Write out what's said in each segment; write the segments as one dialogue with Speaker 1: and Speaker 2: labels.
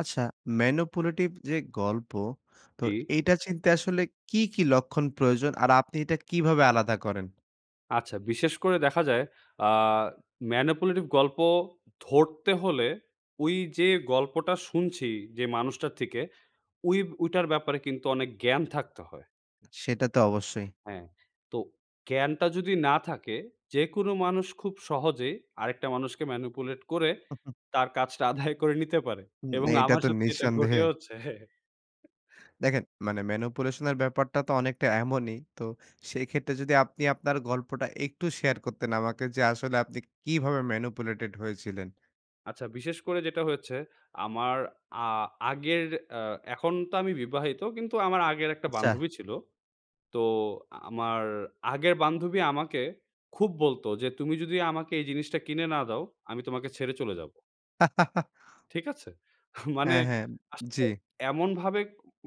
Speaker 1: আচ্ছা, manipulative যে গল্প, তো
Speaker 2: জী।
Speaker 1: এইটা চিনতে আসলে কি, কি লক্ষণ প্রয়োজন আর আপনি এটা কিভাবে আলাদা করেন?
Speaker 2: আচ্ছা, বিশেষ করে দেখা যায়, আ manipulative গল্প ধরতে হলে ওই যে, গল্পটা শুনছি যে, মানুষটার থেকে, ঐ ঐটার ব্যাপারে কিন্তু অনেক জ্ঞান থাকতে হয়।
Speaker 1: সেটা তো অবশ্যই।
Speaker 2: হ্যাঁ, তো জ্ঞানটা যদি না থাকে, যেকোনো মানুষ খুব সহজেই আরেকটা মানুষকে manipulate করে তার কাজটা আদায় করে নিতে পারে
Speaker 1: উম
Speaker 2: এবং
Speaker 1: এইটা
Speaker 2: আমার
Speaker 1: তো
Speaker 2: সত্যি এটা
Speaker 1: নিঃসন্দেহে।
Speaker 2: ঘটেওছে।
Speaker 1: দেখেন, মানে manipulation এর ব্যাপারটা তো অনেকটা এমনই। তো সেক্ষেত্রে যদি আপনি আপনার গল্পটা একটু share করতেন আমাকে যে, আসলে আপনি কিভাবে manipulated হয়েছিলেন?
Speaker 2: আচ্ছা, বিশেষ করে যেটা হয়েছে আমার আ আগের অ্যা এখন তো আমি বিবাহিত কিন্তু আমার আগের একটা
Speaker 1: আচ্ছা।
Speaker 2: বান্ধবী ছিল। তো আমার আগের বান্ধবী আমাকে খুব বলতো যে, "তুমি যদি আমাকে এই জিনিসটা কিনে না দাও, আমি তোমাকে ছেড়ে চলে যাব।" ঠিক আছে? মানে
Speaker 1: হ্যাঁ, হ্যাঁ।
Speaker 2: আসলে
Speaker 1: জী।
Speaker 2: এমন ভাবে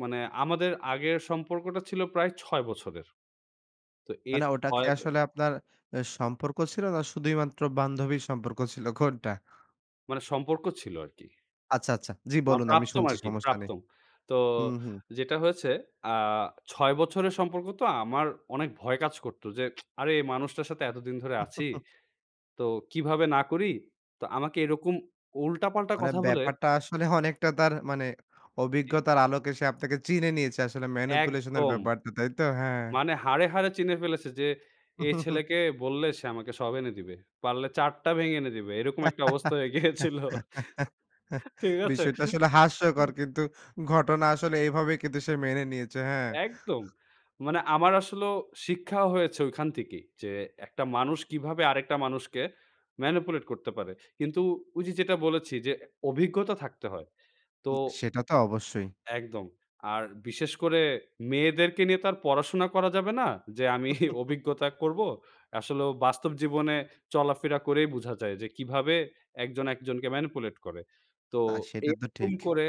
Speaker 2: মানে আমাদের আগের সম্পর্কটা ছিল প্রায় ৬ বছরের। তো এর
Speaker 1: মানে ওটা কি
Speaker 2: ৬ ব
Speaker 1: আসলে আপনার অ্যা
Speaker 2: জি।
Speaker 1: সম্পর্ক ছিল না শুধুই মাত্র বান্ধবীর সম্পর্ক ছিল কোনটা?
Speaker 2: মানে সম্পর্ক ছিল আর কি।
Speaker 1: আচ্ছা, আচ্ছা। জি,
Speaker 2: আমার
Speaker 1: বলুন আমি
Speaker 2: প্রাক্তন
Speaker 1: শুনছি
Speaker 2: আরকি
Speaker 1: সমস্যা নেই।
Speaker 2: প্রাক্তন। তো
Speaker 1: হুম, হুম।
Speaker 2: যেটা হয়েছে আ ৬ বছরের সম্পর্ক তো আমার অনেক ভয় কাজ করত যে, আরে এই মানুষটার সাথে এতদিন ধরে আছি। তো কিভাবে না করি তো আমাকে এরকম উল্টা পাল্টা
Speaker 1: মানে
Speaker 2: কথা বলে
Speaker 1: ব্যাপারটা আসলে অনেকটা তার মানে
Speaker 2: জি।
Speaker 1: অভিজ্ঞতার আলোকে সে আপনাকে চিনে নিয়েছে। আসলে manipulation এর
Speaker 2: একদম।
Speaker 1: ব্যাপারটা। তাই তো? হ্যাঁ।
Speaker 2: মানে হাড়ে, হাড়ে চিনে ফেলেছে যে, এই ছেলেকে বললে সে আমাকে সব এনে দিবে। পারলে চাঁদটা ভেঙে এনে দিবে। এরকম একটা অবস্থা হয়ে গিয়েছিল। ঠিক আছে?
Speaker 1: বিষয়টা আসলে হাস্যকর। কিন্তু ঘটনা আসলে এভাবেই কিন্তু সে মেনে নিয়েছে। হ্যাঁ।
Speaker 2: একদম। মানে আমার আসলেও শিক্ষাও হয়েছে ঐখান থেকেই যে, একটা মানুষ কিভাবে আরেকটা মানুষকে manipulate করতে পারে। কিন্তু উই যে যেটা বলেছি যে, অভিজ্ঞতা থাকতে হয়। তো
Speaker 1: সেটা তো অবশ্যই।
Speaker 2: একদম আর বিশেষ করে মেয়েদেরকে নিয়ে তো আর পড়াশোনা করা যাবে না যে, আমি অভিজ্ঞতা করব। আসলে ও বাস্তব জীবনে চলাফেরা করেই বোঝা যায় যে, কীভাবে একজন একজনকে manipulate করে তো
Speaker 1: তা সেটা তো
Speaker 2: এইরকম
Speaker 1: ঠিক।
Speaker 2: করে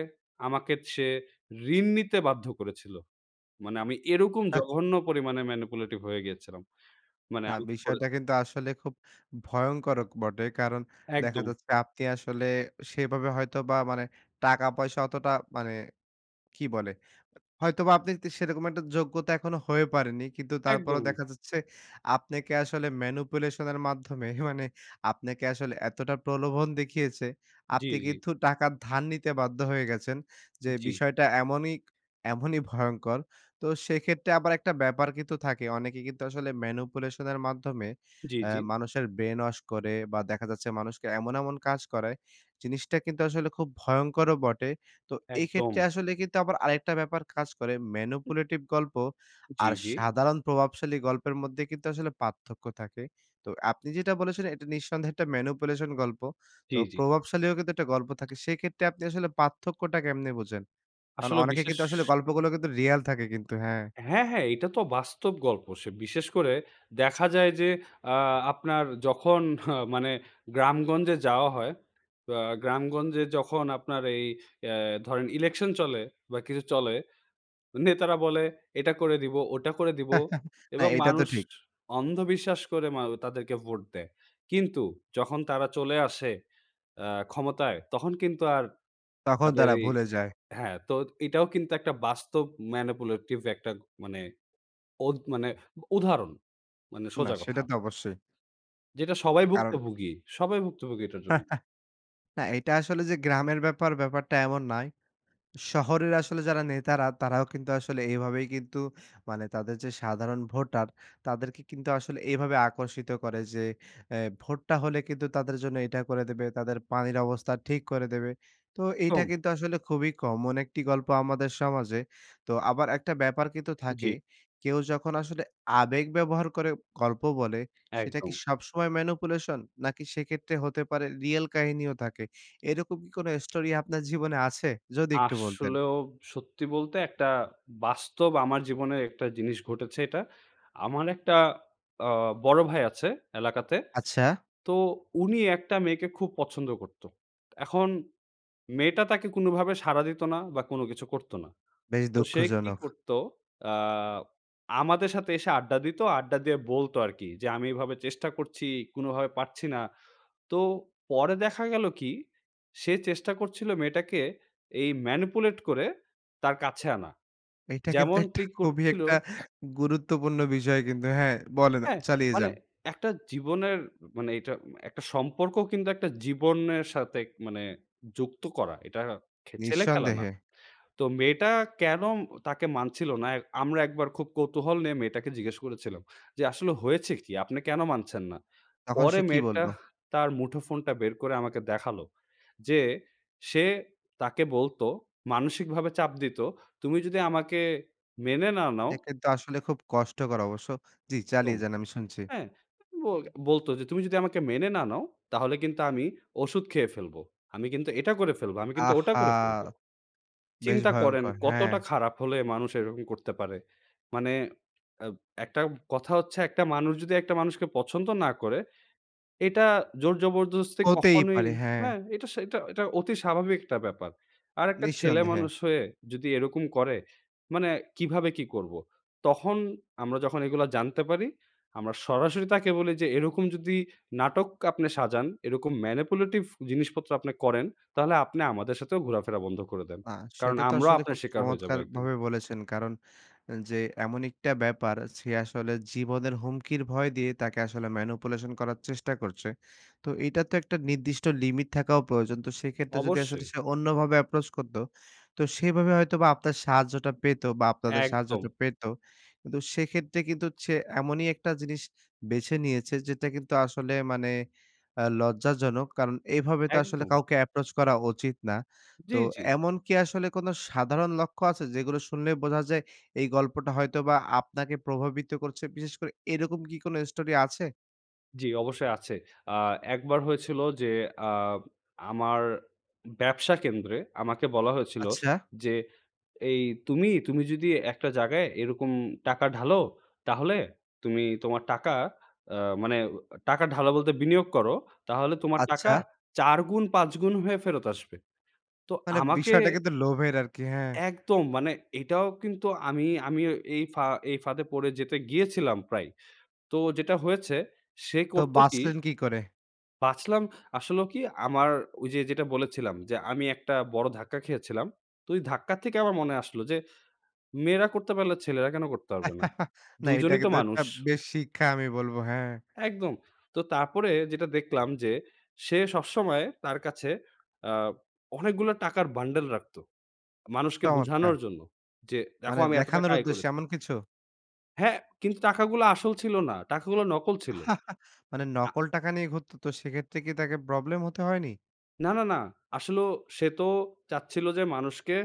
Speaker 2: আমাকে সে ঋণ নিতে বাধ্য করেছিল। মানে আমি এরকম
Speaker 1: হেহ।
Speaker 2: জঘন্য পরিমাণে manipulative হয়ে গিয়েছিলাম মানে
Speaker 1: না
Speaker 2: আমাকে করে
Speaker 1: বিষয়টা কিন্তু আসলে খুব ভয়ংকর বটে। কারণ দেখা
Speaker 2: একদম।
Speaker 1: যাচ্ছে আপনি আসলে সেভাবে হয়তোবা মানে টাকা পয়সা অতটা মানে কি বলে? হয়তোবা আপনি সেরকম একটা যোগ্যতা এখনো হয়ে পারেনি। কিন্তু তারপরও
Speaker 2: একদমই।
Speaker 1: দেখা যাচ্ছে আপনাকে আসলে manipulation এর মাধ্যমে মানে আপনাকে আসলে এতটা প্রলোভন দেখিয়েছে,
Speaker 2: জি,
Speaker 1: আপনি
Speaker 2: জি।
Speaker 1: কিন্তু টাকা ধার নিতে বাধ্য হয়ে গেছেন। যে
Speaker 2: জি।
Speaker 1: বিষয়টা এমনই, এমনই ভয়ংকর। তো সেক্ষেত্রে আবার একটা ব্যাপার কিন্তু থাকে। অনেকে কিন্তু আসলে manipulation এর মাধ্যমে
Speaker 2: জি,
Speaker 1: অ্যা
Speaker 2: জি।
Speaker 1: মানুষের brain wash করে বা দেখা যাচ্ছে মানুষকে এমন, এমন কাজ করায় জিনিসটা কিন্তু আসলে খুব ভয়ংকরও বটে। তো এই ক্ষেত্রে
Speaker 2: একদম।
Speaker 1: আসলে কিন্তু আবার আরেকটা ব্যাপার কাজ করে manipulative গল্প
Speaker 2: জি,
Speaker 1: আর
Speaker 2: জি।
Speaker 1: সাধারণ প্রভাবশালী গল্পের মধ্যে কিন্তু আসলে পার্থক্য থাকে। তো আপনি যেটা বলেছিলেন এটা নিঃসন্দেহে একটা manipulation গল্প। তো
Speaker 2: জি, জি।
Speaker 1: প্রভাবশালীও কিন্তু একটা গল্প থাকে সেক্ষেত্রে আপনি আসলে পার্থক্যটা কেমনে বোঝেন? কারণ
Speaker 2: আসলে
Speaker 1: অনেকে
Speaker 2: বিশেষ
Speaker 1: কিন্তু আসলে গল্পগুলো কিন্তু real থাকে কিন্তু হ্যাঁ।
Speaker 2: হ্যাঁ, হ্যাঁ, এটা তো বাস্তব গল্প সে বিশেষ করে দেখা যায় যে, আ আপনার যখন মানে গ্রামগঞ্জে যাওয়া হয় আ গ্রামগঞ্জে যখন আপনার এই অ্যা ধরেন ইলেকশন চলে বা কিছু চলে। নেতারা বলে, "এটা করে দিবো, ওটা করে দিবো"
Speaker 1: না
Speaker 2: এবং
Speaker 1: এইটা তো
Speaker 2: মানুষ
Speaker 1: ঠিক।
Speaker 2: অন্ধবিশ্বাস করে ম তাদেরকে ভোট দেয় কিন্তু যখন তারা চলে আসে আ ক্ষমতায় তখন কিন্তু আর
Speaker 1: তখন
Speaker 2: তাদের
Speaker 1: তারা
Speaker 2: এই
Speaker 1: ভুলে যায়।
Speaker 2: হ্যাঁ, তো এটাও কিন্তু একটা বাস্তব manipulative একটা মানে উদ মানে উদাহরণ, মানে
Speaker 1: না
Speaker 2: সোজা কথা।
Speaker 1: সেটা তো অবশ্যই।
Speaker 2: যেটা সবাই ভুগত
Speaker 1: কারন
Speaker 2: ভুগি। সবাই ভুগত ভুগি এটার জন্য।
Speaker 1: ।না, এটা আসলে যে, গ্রামের ব্যাপার ব্যাপারটা এমন নয়। শহরের আসলে যারা নেতারা তারাও কিন্তু আসলে এভাবেই কিন্তু, মানে তাদের যে, সাধারণ ভোটার তাদেরকে কিন্তু আসলে এভাবে আকর্ষিত করে। যে, আ ভোটটা হলে কিন্তু তাদের জন্য এটা করে দেবে, তাদের পানির অবস্থা ঠিক করে দেবে। তো এইটা
Speaker 2: তম
Speaker 1: কিন্তু আসলে খুবই common একটি গল্প আমাদের সমাজে। তো আবার একটা ব্যাপার কিন্তু তো থাকে
Speaker 2: জি।
Speaker 1: কেউ যখন আসলে আবেগ ব্যবহার করে গল্প বলে, সেটা কি
Speaker 2: একদম।
Speaker 1: সবসময় manipulation? নাকি সেক্ষেত্রে হতে পারে real কাহিনীও থাকে? এরকম কি কোনো story আপনার জীবনে আছে? যদি একটু বলতেন।
Speaker 2: আসলেও সত্যি বলতে একটা বাস্তব আমার জীবনের একটা জিনিস ঘটেছে এটা। আমার একটা আ বড় ভাই আছে এলাকাতে।
Speaker 1: আচ্ছা।
Speaker 2: তো উনি একটা মেয়েকে খুব পছন্দ করত। এখন মেয়েটা তাকে কোনোভাবে সাড়া দিত না বা কোন কিছু করত না।
Speaker 1: বেশ
Speaker 2: তো সে কি
Speaker 1: দুঃখজনক।
Speaker 2: করতো আ আমাদের সাথে এসে আড্ডা দিত। আড্ডা দিয়ে বলত আর কি, যে, আমি এইভাবে চেষ্টা করছি, কোনোভাবে পারছি না। তো পরে দেখা গেলো কি, সে চেষ্টা করছিল মেয়েটাকে এই manipulate করে তার কাছে আনা
Speaker 1: এইটা কিন্তু
Speaker 2: যেমন
Speaker 1: একটা,
Speaker 2: টি
Speaker 1: খুবই
Speaker 2: করছিল
Speaker 1: একটা গুরুত্বপূর্ণ বিষয় কিন্তু। হ্যাঁ? বলেন
Speaker 2: হ্যাঁ,
Speaker 1: চালিয়ে
Speaker 2: মানে
Speaker 1: যান।
Speaker 2: একটা জীবনের মানে, এইটা একটা সম্পর্ক কিন্তু একটা জীবনের সাথে মানে, যুক্ত করা। এটা ছেলে খেলা না।
Speaker 1: নিঃসন্দেহে।
Speaker 2: তো মেয়েটা কেন তাকে মানছিল না, আমরা একবার খুব কৌতূহল নিয়ে মেয়েটাকে জিজ্ঞেস করেছিলাম। যে, আসলে হয়েছে কি? আপনি কেন মানছেন না?
Speaker 1: তখন
Speaker 2: পরে
Speaker 1: সে কি
Speaker 2: মেয়েটা
Speaker 1: বলল?
Speaker 2: তার মুঠো ফোনটা বের করে আমাকে দেখালো। যে, সে তাকে বলতো মানসিকভাবে চাপ দিত তুমি যদি আমাকে মেনে না নাও
Speaker 1: এটা কিন্তু আসলে খুব কষ্টকর অবশ্য। জি,
Speaker 2: একদম।
Speaker 1: চালিয়ে যান আমি শুনছি।
Speaker 2: হ্যাঁ, ব বলতো যে, তুমি যদি আমাকে মেনে না নাও, তাহলে কিন্তু আমি ঔষধ খেয়ে ফেলব, আমি কিন্তু এটা করে ফেলব, আমি কিন্তু ওটা
Speaker 1: আহহা!
Speaker 2: করে ফেলব।
Speaker 1: বেশ
Speaker 2: চিন্তা করেন,
Speaker 1: ভয়ঙ্কর, হ্যাঁ।
Speaker 2: কতটা খারাপ হলে মানুষ এরকম করতে পারে। মানে আব একটা কথা হচ্ছে একটা মানুষ যদি একটা মানুষকে পছন্দ না করে, এটা জোর জবরদস্তি
Speaker 1: হতেই
Speaker 2: কখনোই
Speaker 1: পারে, হ্যাঁ।
Speaker 2: হ্যাঁ, এটা, সে এটা অতি স্বাভাবিক একটা ব্যাপার। আর একটা
Speaker 1: নিঃসন্দেহে।
Speaker 2: ছেলেমানুষ হয়ে যদি এরকম করে। মানে কীভাবে কী করব? তখন আমরা যখন এগুলো জানতে পারি, আমরা সরাসরি তাকে বলি যে, এরকম যদি নাটক আপনে সাজান, এরকম manipulative জিনিসপত্র আপনি করেন, তাহলে আপনি আমাদের সাথেও ঘোরাফেরা বন্ধ করে দেন।
Speaker 1: না,
Speaker 2: কারন,
Speaker 1: সেটা তো
Speaker 2: আমরাও
Speaker 1: আসলে
Speaker 2: আপনার
Speaker 1: খুব
Speaker 2: শিকার হয়ে যাবো একদিন।
Speaker 1: চমৎকারভাবে বলেছেন। কারন যে, এমন একটা ব্যাপার, সে আসলে জীবনের হুমকির ভয় দিয়ে তাকে আসলে manipulation করার চেষ্টা করছে। তো এটা তো একটা নির্দিষ্ট limit থাকাও প্রয়োজন। তো সেক্ষেত্রে যদি আসলে
Speaker 2: অবশ্যই।
Speaker 1: সে অন্যভাবে approach করত, তো সেভাবে হয়তোবা আপনার সাহায্যটা পেত বা আপনাদের সাহায্যটা
Speaker 2: একদম।
Speaker 1: পেত কিন্তু সেক্ষেত্রে কিন্তু সে এমনই একটা জিনিস বেছে নিয়েছে, যেটা কিন্তু আসলে মানে আ লজ্জাজনক। কারন এভাবে তো আসলে
Speaker 2: একদম।
Speaker 1: কাউকে approach করা উচিৎ না।
Speaker 2: জ্বি,
Speaker 1: তো
Speaker 2: জ্বি।
Speaker 1: এমন কি আসলে কোনো সাধারণ লক্ষ্য আছে? যেগুলো শুনলেই বোঝা যায় এই গল্পটা হয়তোবা আপনাকে প্রভাবিত করছে? বিশেষ করে এরকম কি কোনো story আছে?
Speaker 2: জি, অবশ্যই আছে। আ একবার হয়েছিলো যে, আ আমার, ব্যবসা কেন্দ্রে আমাকে বলা হয়েছিল
Speaker 1: আচ্ছা।
Speaker 2: যে, ‘’এই তুমি, তুমি যদি একটা জাগায় এরকম টাকা ঢালো, তাহলে তুমি তোমার টাকা আ মানে টাকা ঢালো বলতে বিনিয়োগ করো তাহলে তোমার টাকা
Speaker 1: আচ্ছা।
Speaker 2: ৪ গুণ ৫ গুণ হয়ে ফেরত আসবে!‘’ তো
Speaker 1: মানে
Speaker 2: আমাকে
Speaker 1: বিষয়টা কিন্তু লোভের আর কি, হ্যাঁ।
Speaker 2: একদম মানে এটাও কিন্তু আমি, আমি এই ফা এই ফাঁদে পড়ে যেতে গিয়েছিলাম প্রায়। তো যেটা হয়েছে সে
Speaker 1: তো
Speaker 2: করতো কি
Speaker 1: বাঁচলেন কি করে?
Speaker 2: বাঁচলাম আসলেও কি আমার ওই যে, যেটা বলেছিলাম যে, আমি একটা বড় ধাক্কা খেয়েছিলাম। তো ওই ধাক্কা থেকে আমার মনে আসলো যে, মেয়েরা করতে পারলে ছেলেরা কেন করতে পারবে না?
Speaker 1: না
Speaker 2: দুইজনই
Speaker 1: এটাকে
Speaker 2: তো
Speaker 1: তো একটা
Speaker 2: মানুষ।
Speaker 1: বেশ শিক্ষা আমি বলব, হ্যাঁ।
Speaker 2: একদম। তো তারপরে যেটা দেখলাম যে, সে সবসময় তার কাছে আ অনেকগুলো টাকার bundle রাখতো। মানুষকে
Speaker 1: চমৎকার।
Speaker 2: বুঝানোর জন্য, যে, দেখো
Speaker 1: মানে
Speaker 2: আমি এত টাকা
Speaker 1: দেখানোর
Speaker 2: আয়
Speaker 1: উদ্দেশ্যে
Speaker 2: করেছি
Speaker 1: এমন কিছু?
Speaker 2: হ্যাঁ, কিন্তু টাকাগুলো আসল ছিল না। টাকাগুলো নকল ছিল।
Speaker 1: মানে
Speaker 2: আ
Speaker 1: নকল টাকা নিয়ে ঘুরত তো সেক্ষেত্রে কি তাকে problem হতে হয়নি?
Speaker 2: না, না, না। আসলেও সে তো চাচ্ছিলো যে, মানুষকে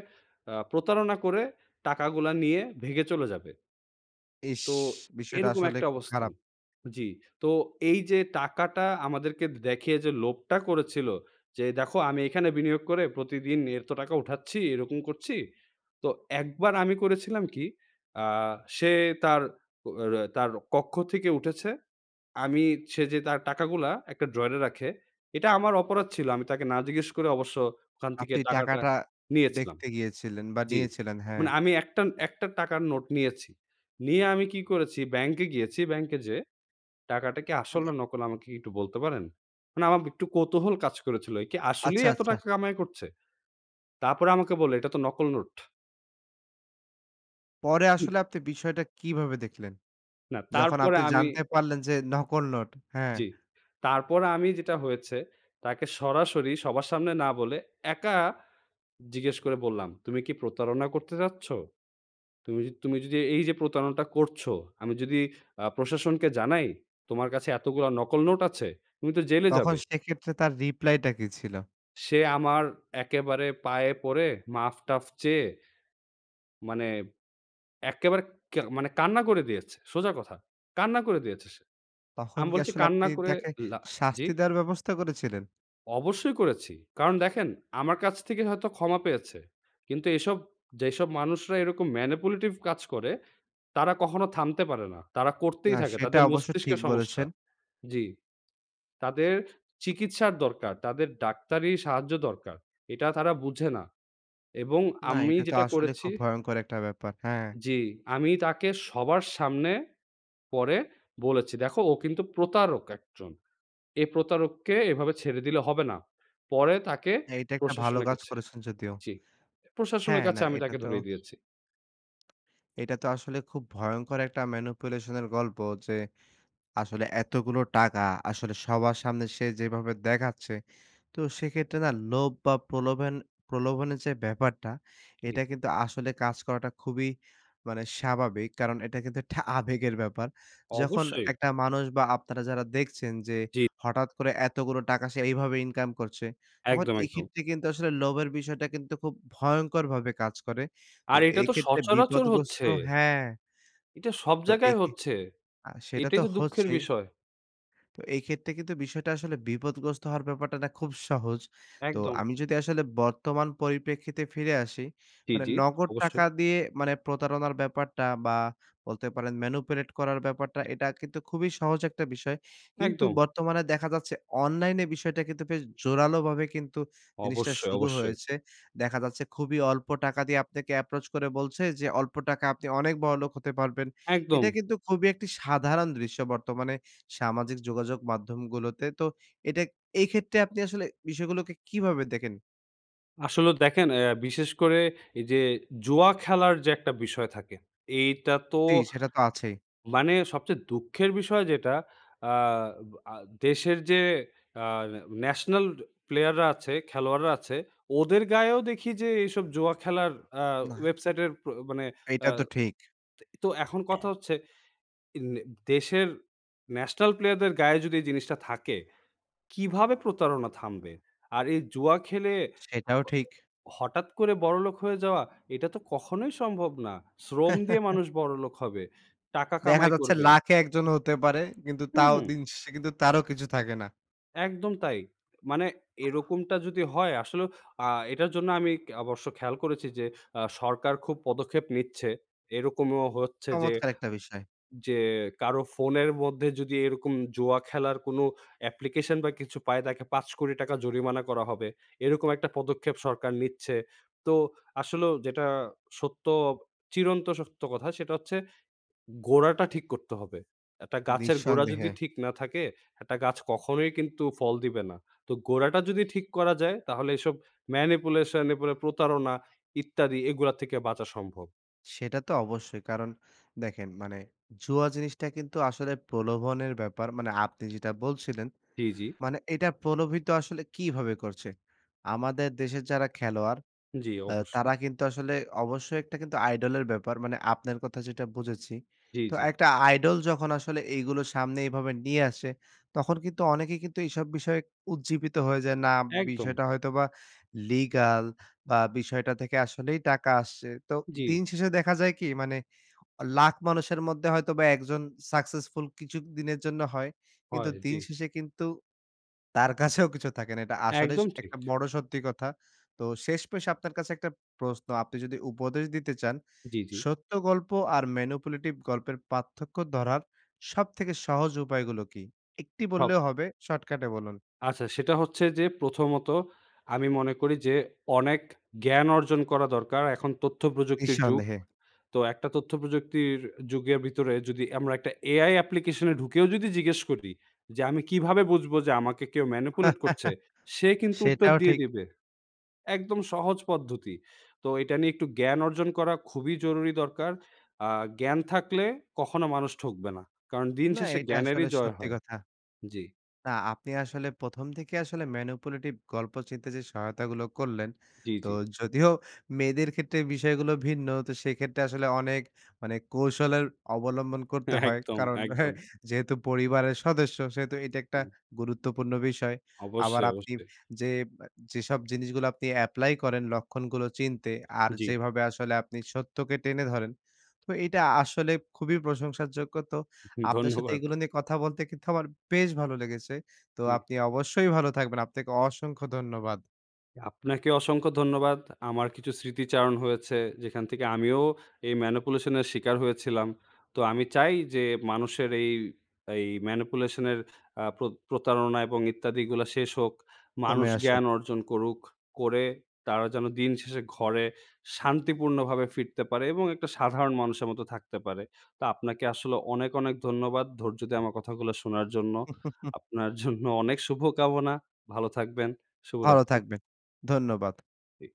Speaker 2: অ্যা প্রতারণা করে টাকাগুলো নিয়ে, ভেগে চলে যাবে।
Speaker 1: ইস,
Speaker 2: তো,
Speaker 1: বিষয়টা
Speaker 2: এরকম
Speaker 1: আসলে
Speaker 2: একটা
Speaker 1: খুব
Speaker 2: অবস্থান।
Speaker 1: খারাপ।
Speaker 2: জ্বী। তো, এইযে টাকাটা আমাদেরকে দে দেখিয়ে যে লোভটা করেছিল, যে, দেখো, আমি এখানে বিনিয়োগ করে প্রতিদিন এত টাকা উঠাচ্ছি, এরকম করছি। তো, একবার আমি করেছিলাম কি, আ সে তার, র তার কক্ষ থেকে উঠেছে, আমি সে যে, তার টাকাগুলো একটা ড্রয়ারে রাখে, এটা আমার অপরাধ ছিল। আমি তাকে না জিজ্ঞেস করে অবশ্য ওখান থেকে
Speaker 1: আপনি
Speaker 2: টাকাটা
Speaker 1: টাকাটা
Speaker 2: নিয়েছিলাম।
Speaker 1: দেখতে গিয়েছিলেন, বা
Speaker 2: জ্বী।
Speaker 1: নিয়েছিলেন, হ্যাঁ।
Speaker 2: মানে আমি একটা, একটা টাকার নোট নিয়েছি। নিয়ে আমি কি করেছি, ব্যাংকে গিয়েছি। ব্যাংকে যেয়ে, ‘’টাকাটা কি আসল
Speaker 1: মানে
Speaker 2: না নকল আমাকে কি একটু বলতে পারেন?‘’ মানে আমার একটু কৌতূহল কাজ করেছিল। একি আসলেই
Speaker 1: আচ্ছা,
Speaker 2: এত
Speaker 1: আচ্ছা।
Speaker 2: টাকা কামাই করছে? তারপরে আমাকে বলল, এটা তো নকল নোট।
Speaker 1: পরে আসলে আপনি বিষয়টা কিভাবে দেখলেন?
Speaker 2: না,
Speaker 1: যখন
Speaker 2: তারপরে
Speaker 1: আপনি
Speaker 2: আমি
Speaker 1: জানতে পারলেন যে, নকল নোট। হ্যাঁ।
Speaker 2: জ্বী। তারপর আমি, যেটা হয়েছে, তাকে সরাসরি, সবার সামনে না বলে, একা জিজ্ঞেস করে বললাম, তুমি কি প্রতারণা করতে চাচ্ছ? তুমি তুমি যদি এই যে প্রতারণাটা করছো, আমি যদি অ্যা প্রশাসনকে জানাই, তোমার কাছে এতগুলো নকল নোট আছে, তুমি তো জেলে
Speaker 1: তখন
Speaker 2: যাবে।
Speaker 1: সেক্ষেত্রে তার reply টা কি ছিল?
Speaker 2: সে আমার একেবারে পায়ে পড়ে মাফ-টাফ চেয়ে, মানে একেবারে কা মানে কান্না করে দিয়েছে। সোজা কথা। কান্না করে দিয়েছে সে।
Speaker 1: তখন
Speaker 2: আমি
Speaker 1: কি
Speaker 2: বলছি
Speaker 1: আসলে আপনি
Speaker 2: কান্না করে
Speaker 1: তাকে
Speaker 2: লা জ্বী?
Speaker 1: শাস্তি দেওয়ার ব্যবস্থা করেছিলেন?
Speaker 2: অবশ্যই করেছি। কারণ দেখেন আমার কাছ থেকে হয়তো ক্ষমা পেয়েছে। কিন্তু এসব যেসব মানুষরা এরকম manipulative কাজ করে। তারা কখনো থামতে পারে না। তারা করতেই
Speaker 1: না।
Speaker 2: থাকে।
Speaker 1: সেটা
Speaker 2: তাদের
Speaker 1: অবশ্য ঠিক
Speaker 2: মস্তিষ্কের সমস্যা।
Speaker 1: বলেছেন।
Speaker 2: জি। তাদের চিকিৎসার দরকার, তাদের ডাক্তারি সাহায্য দরকার। এটা তারা বুঝে না। এবং
Speaker 1: না।
Speaker 2: আমি
Speaker 1: এটা তো
Speaker 2: যেটা
Speaker 1: আসলে
Speaker 2: করেছি
Speaker 1: খুব ভয়ংকর একটা ব্যাপার। হ্যাঁ।
Speaker 2: জি। আমি তাকে সবার সামনে পরে বলেছি। দেখো, "ও কিন্তু প্রতারক একজন, এ প্রতারককে এভাবে ছেড়ে দিলে হবে না।" পরে তাকে
Speaker 1: এইটা একটা ভালো
Speaker 2: প্রশাসনের
Speaker 1: কাজ
Speaker 2: কাছে
Speaker 1: করেছেন যদিও।
Speaker 2: জ্বি। প্রশাসনের
Speaker 1: হ্যাঁ,
Speaker 2: কাছে
Speaker 1: না
Speaker 2: আমি
Speaker 1: এটা
Speaker 2: তাকে
Speaker 1: তো
Speaker 2: ধরিয়ে দিয়েছি।
Speaker 1: এটা তো আসলে খুব ভয়ংকর একটা manipulation এর গল্প। যে, আসলে এতগুলো টাকা আসলে সবার সামনে সে যেভাবে দেখাচ্ছে। তো সেক্ষেত্রে না লোভ বা প্রলোভেন প্রলোভনের যে ব্যাপারটা,
Speaker 2: জি।
Speaker 1: এটা কিন্তু আসলে কাজ করাটা খুবই মানে স্বাভাবিক। কারণ এটা কিন্তু একটা আবেগের ব্যাপার। যখন
Speaker 2: অবশ্যই।
Speaker 1: একটা মানুষ বা আপনারা যারা দেখছেন যে,
Speaker 2: জি।
Speaker 1: হঠাৎ করে এতগুলো টাকা সে এইভাবে ইনকাম করছে। তখন
Speaker 2: একদম, একদম।
Speaker 1: এক্ষেত্রে কিন্তু আসলে লোভের বিষয়টা কিন্তু খুব ভয়ংকরভাবে কাজ করে। তো
Speaker 2: আর এটা
Speaker 1: এই
Speaker 2: তো
Speaker 1: ক্ষেত্রে
Speaker 2: সচরাচর
Speaker 1: বিপদগ্রস্ত
Speaker 2: হচ্ছে।
Speaker 1: হ্যাঁ।
Speaker 2: এটা সব
Speaker 1: তো
Speaker 2: জায়গায়
Speaker 1: এক্ষে
Speaker 2: হচ্ছে।
Speaker 1: আ সেটা
Speaker 2: এটাই
Speaker 1: তো
Speaker 2: তো দুঃখের
Speaker 1: হচ্ছেই।
Speaker 2: বিষয়।
Speaker 1: তো এই ক্ষেত্রে কিন্তু বিষয়টা আসলে বিপদগ্রস্ত হওয়ার ব্যাপারটা না খুব সহজ। তো
Speaker 2: একদম।
Speaker 1: আমি যদি আসলে বর্তমান পরিপ্রেক্ষিতে ফিরে আসি।
Speaker 2: জি,
Speaker 1: মানে
Speaker 2: জি,
Speaker 1: নগদ
Speaker 2: অবশ্যই।
Speaker 1: টাকা দিয়ে মানে প্রতারণার ব্যাপারটা বা বলতে পারেন manipulate করার ব্যাপারটা এটা কিন্তু খুবই সহজ একটা বিষয়। কিন্তু
Speaker 2: একদম।
Speaker 1: বর্তমানে দেখা যাচ্ছে অনলাইনে বিষয়টা কিন্তু বেশ জোরালোভাবে কিন্তু জিনিসটা
Speaker 2: অবশ্যই,
Speaker 1: শুরু
Speaker 2: অবশ্যই।
Speaker 1: হয়েছে। দেখা যাচ্ছে খুবই অল্প টাকা দিয়ে আপনাকে approach করে বলছে যে, "অল্প টাকা আপনি অনেক বড়লোক হতে পারবেন।"
Speaker 2: একদম।
Speaker 1: এটা কিন্তু খুবই একটি সাধারণ দৃশ্য বর্তমানে, সামাজিক যোগাযোগ মাধ্যমগুলোতে। তো এটা এইক্ষেত্রে আপনি আসলে বিষয়গুলোকে কীভাবে দেখেন?
Speaker 2: আসলেও দেখেন অ্যা বিশেষ করে এইযে জুয়া খেলার যে একটা বিষয় থাকে, এইটাতো
Speaker 1: জি, সেটা তো আছেই।
Speaker 2: মানে সবচেয়ে দুঃখের বিষয় যেটা আ ব আ দেশের যে আ ন্যাশনাল প্লেয়াররা আছে, খেলোয়াড়রা আছে, ওদের গায়েও দেখি যে এইসব জুয়া খেলার আ
Speaker 1: না।
Speaker 2: ওয়েবসাইটের প্র মানে আ
Speaker 1: এইটা তো ঠিক।
Speaker 2: তো এখন কথা হচ্ছে, এ নে দেশের ন্যাশনাল প্লেয়ারদের গায়ে যদি এই জিনিসটা থাকে, কিভাবে প্রতারণা থামবে? আর এই জুয়া খেলে
Speaker 1: সেইটাও
Speaker 2: অ অ
Speaker 1: ঠিক।
Speaker 2: হঠাৎ করে বড়োলোক হয়ে যাওয়া, এটা তো কখনোই সম্ভব না। শ্রম দিয়ে মানুষ বড়োলোক হবে, টাকা
Speaker 1: দেখা
Speaker 2: কামাই
Speaker 1: যাচ্ছে
Speaker 2: করবে।
Speaker 1: লাখে ১ জন হতে পারে। কিন্তু
Speaker 2: হুম,
Speaker 1: তাও
Speaker 2: হু্ম।
Speaker 1: দিন শেষে কিন্তু তারও কিছু থাকে না।
Speaker 2: একদম তাই। মানে এরকমটা যদি হয় আসলেও আ এটার জন্য আমি ক অবশ্য খেয়াল করেছি যে আ সরকার খুব পদক্ষেপ নিচ্ছে। এরকমও হচ্ছে যে,
Speaker 1: চমৎকার একটা বিষয়।
Speaker 2: যে কারো ফোনের মধ্যে যদি এরকম জুয়া খেলার কোনো অ্যাপ্লিকেশন বা কিছু পায় তাকে ৫ কোটি টাকা জরিমানা করা হবে। এইরকম একটা পদক্ষেপ সরকার নিচ্ছে। তো আসলেও যেটা সত্য, চিরন্ত সত্য কথা সেটা হচ্ছে ,গোড়াটা ঠিক করতে হবে। একটা গাছের গোড়া যদি
Speaker 1: নিঃসন্দেহে।
Speaker 2: ঠিক না থাকে, একটা গাছ কখনোই কিন্তু ফল দিবে না। তো গোড়াটা যদি ঠিক করা যায়, তাহলে এসব ম্যানিপুলেশন, এরপরে প্রতারণা ইত্যাদি এগুলার থেকে বাঁচা সম্ভব।
Speaker 1: সেটা তো অবশ্যই। কারণ দেখেন মানে জুয়া জিনিসটা কিন্তু আসলে প্রলোভনের ব্যাপার। মানে আপনি যেইটা বলছিলেন।
Speaker 2: জি, জি।
Speaker 1: মানে এইটা প্রলোভিত আসলে কীভাবে করছে? আমাদের দেশের যারা খেলোয়াড়
Speaker 2: জি,
Speaker 1: অ্যা
Speaker 2: অবশ্যই।
Speaker 1: তারা কিন্তু আসলে অবশ্যই একটা কিন্তু আইডল এর ব্যাপার। মানে আপনার কথা যেইটা বুঝেছি।
Speaker 2: জি,
Speaker 1: তো
Speaker 2: জি।
Speaker 1: একটা আইডল যখন আসলে এইগুলো সামনে এইভাবে নিয়ে আসে, তখন কিন্তু অনেকেই কিন্তু এসব বিষয়ে উজ্জীবিত হয়ে যায়, না
Speaker 2: একদম।
Speaker 1: বিষয়টা হয়তোবা লিগাল বা বিষয়টা থেকে আসলেই টাকা আসছে। তো
Speaker 2: জি।
Speaker 1: দিন শেষে দেখা যায় কি মানে, লাখ মানুষের মধ্যে হয়তোবা ১ জন সাকসেসফুল কিছু দিনের জন্য হয়। কিন্তু
Speaker 2: হয়, জি।
Speaker 1: দিন শেষে কিন্তু তার কাছেও কিছু থাকে না। এটা আসলেই স
Speaker 2: একদম ঠিক।
Speaker 1: একটা বড় সত্যি কথা। তো শেষমেশ আপনার কাছে একটা প্রশ্ন। আপনি যদি উপদেশ দিতে চান,
Speaker 2: জি, জি।
Speaker 1: সত্য গল্প আর ম্যানিপুলেটিভ গল্পের পার্থক্য ধরার সবথেকে সহজ উপায়গুলো কি? ১ টি
Speaker 2: হব
Speaker 1: বললেও হবে। শর্টকাটে বলুন।
Speaker 2: আচ্ছা, সেটা হচ্ছে যে প্রথমত আমি মনে করি যে অনেক জ্ঞান অর্জন করা দরকার। এখন তথ্যপ্রযুক্তির যুগ।
Speaker 1: নিঃসন্দেহে।
Speaker 2: তো একটা তথ্যপ্রযুক্তির যুগের ভিতরে যদি আমরা একটা এআই অ্যাপ্লিকেশনে ঢুকেও যদি জিজ্ঞেস করি যে, "আমি কীভাবে বুঝবো যে আমাকে কেউ ম্যানিপুলেট করছে?" সে কিন্তু উত্তর
Speaker 1: সেটাও
Speaker 2: দিয়ে
Speaker 1: ঠিক।
Speaker 2: দিবে। একদম সহজ পদ্ধতি। তো এইটা নিয়ে একটু জ্ঞান অর্জন করা খুবই জরুরি দরকার। আ জ্ঞান থাকলে কখনো মানুষ ঠকবে না। কারণ দিন
Speaker 1: না,
Speaker 2: শেষে
Speaker 1: এইটা
Speaker 2: জ্ঞানেরই
Speaker 1: আসলে
Speaker 2: জয়
Speaker 1: সত্যি
Speaker 2: হয়।
Speaker 1: কথা।
Speaker 2: জি।
Speaker 1: না আপনি আসলে ১ম থেকেই আসলে ম্যানিপুলেটিভ গল্প চিনতে যে সহায়তাগুলো করলেন।
Speaker 2: জি,
Speaker 1: তো
Speaker 2: জি।
Speaker 1: যদিও মেয়েদের ক্ষেত্রে বিষয়গুলো ভিন্ন, তো সেইক্ষেত্রে আসলে অনেক মানে কৌশলের অবলম্বন করতে হয়।
Speaker 2: একদম,
Speaker 1: কারণ হে
Speaker 2: একদম।
Speaker 1: যেহেতু পরিবারের সদস্য সেহেতু এইটা একটা
Speaker 2: জি।
Speaker 1: গুরুত্বপূর্ণ বিষয়। আবার
Speaker 2: অবশ্যই,
Speaker 1: আপনি
Speaker 2: অবশ্যই।
Speaker 1: যে আপ যেসব জিনিসগুলো আপনি এপ্লাই করেন লক্ষণগুলো চিনতে আর
Speaker 2: জি।
Speaker 1: যেভাবে আসলে আপনি সত্যকে টেনে ধরেন। তো এইটা আসলে খুবই প্রশংসার যোগ্য। তো আপনার সাথে
Speaker 2: ধন্যবাদ।
Speaker 1: এইগুলো নিয়ে কথা বলতে কিন্তু আমার বেশ ভালো লেগেছে। তো
Speaker 2: জি।
Speaker 1: আপনি অবশ্যই ভালো থাকবেন। আপনাকে অসংখ্য ধন্যবাদ।
Speaker 2: আপনাকে অসংখ্য ধন্যবাদ। আমার কিছু স্মৃতিচারণ হয়েছে। যেখান থেকে আমিও এই ম্যানিপুলেশন এর শিকার হয়েছিলাম। তো আমি চাই যে মানুষের এই এই ম্যানিপুলেশনের আ প্রত প্রতারণা এবং ইত্যাদিগুলা শেষ হোক।
Speaker 1: কমে
Speaker 2: মানুষ
Speaker 1: আসুক।
Speaker 2: জ্ঞান অর্জন করুক। করে তারা যেন দিন শেষে ঘরে শান্তিপূর্ণভাবে ফিরতে পারে এবং একটা সাধারণ মানুষের মতো থাকতে পারে। তা আপনাকে আসলে অনেক, অনেক ধন্যবাদ। ধৈর্য দিয়ে আমার কথাগুলো শোনার জন্য। আপনার জন্য অনেক শুভকামনা। ভালো থাকবেন,
Speaker 1: ভালো
Speaker 2: শুভরাত্রি।
Speaker 1: থাকবেন। ধন্যবাদ।
Speaker 2: জি।